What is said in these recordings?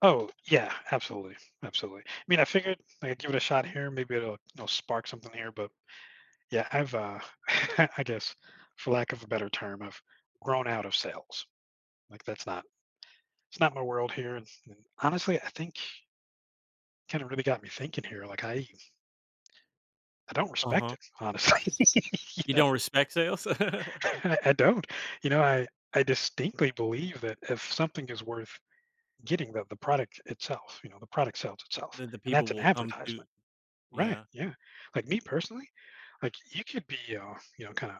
Oh, yeah, absolutely, absolutely. I mean, I figured I'd give it a shot here, maybe it'll it'll spark something here, but yeah, I've, uh I guess for lack of a better term, I've grown out of sales. Like that's not it's not my world here, and honestly, I think Kinda really got me thinking here, like, I I don't respect Uh-huh. it, honestly, you You know? don't respect sales? I I don't. You know, I, I distinctly believe that if something is worth getting the the product itself, you know, the product sells itself, Then the and people that's an will come to advertisement, right? yeah. Yeah, like me personally, like, you could be, uh, you know, kinda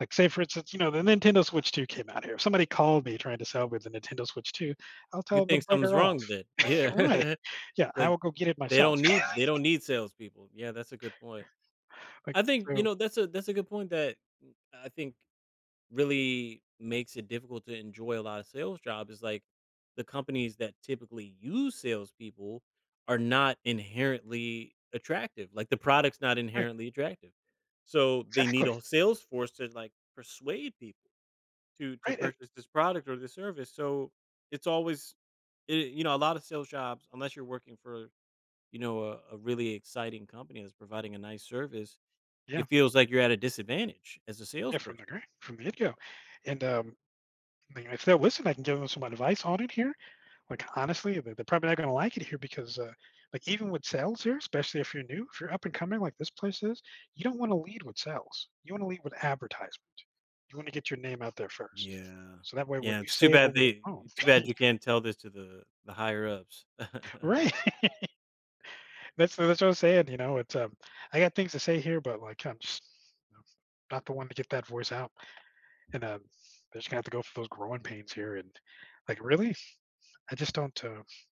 like, say for instance, you know, the Nintendo Switch 2 came out here, somebody called me trying to sell me the Nintendo Switch 2, I'll You tell them to think something's bugger off. wrong with it, yeah. Right. Yeah, I Like, will go get it they myself. don't need they don't need salespeople. Yeah, that's a good point. Like, I think, you so know, that's a that's a good point that m I think really makes it difficult to enjoy a lotta sales jobs is, like, the companies that typically use salespeople are not inherently attractive. Like the product's not Right inherently attractive. So they need Exactly. a sales force to, like, persuade people to to Right, an purchase this product or this service. So, it's always eh, you know, a lot of sales jobs unless you're working for, you know, a a really exciting company that's providing a nice service, Yeah. it feels like you're at a disadvantage as a Yeah, from the salesperson. gr from the get-go and, um, mean, if they'll listen, I can give them some advice on it here. Like, honestly, the they're probably not gonna like it here because, uh like, even with sales here, especially if you're new, if you're up and coming like this place is, you don't wanna lead with sales. You wanna lead with advertisement. You wanna get your name out there first Yeah. so that way when Yeah, you it's too say it bad over the they phone too bad you can't tell this to the the higher-ups. Right. That's that's what I'm saying, you know, it's, um I got things to say here, but, like, I'm just, know, not the one to get that voice out. And, um, I just gonna have to go through those growing pains here, and, like, really? I just don't, uh